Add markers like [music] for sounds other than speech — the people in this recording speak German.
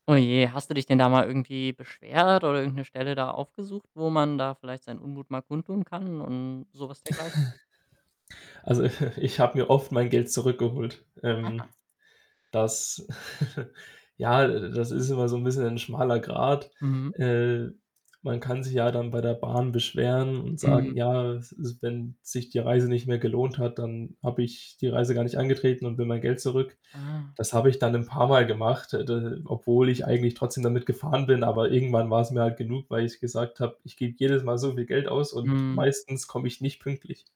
Oh je, hast du dich denn da mal irgendwie beschwert oder irgend 'ne Stelle da aufgesucht, wo man da vielleicht seinen Unmut mal kundtun kann und sowas dergleichen? [chuckles] Also, [chuckles] ich habe mir oft mein Geld zurückgeholt. Ähm, Aha. das [chuckles] ja, äh, das ist immer so 'n bisschen ein schmaler Grad. Mhm. Äh, man kann sich ja dann bei der Bahn beschweren und Mhm. sagen: „Ja, s s wenn sich die Reise nicht mehr gelohnt hat, dann habe ich die Reise gar nicht angetreten und will mein Geld zurück.“ Ah. Das habe ich dann 'n paarmal gemacht, äh, d obwohl ich eigentlich trotzdem damit gefahren bin. Aber irgendwann war's mir halt genug, weil ich gesagt habe: „Ich gebe jedes Mal so viel Geld aus und Mhm. meistens komme ich nicht pünktlich.“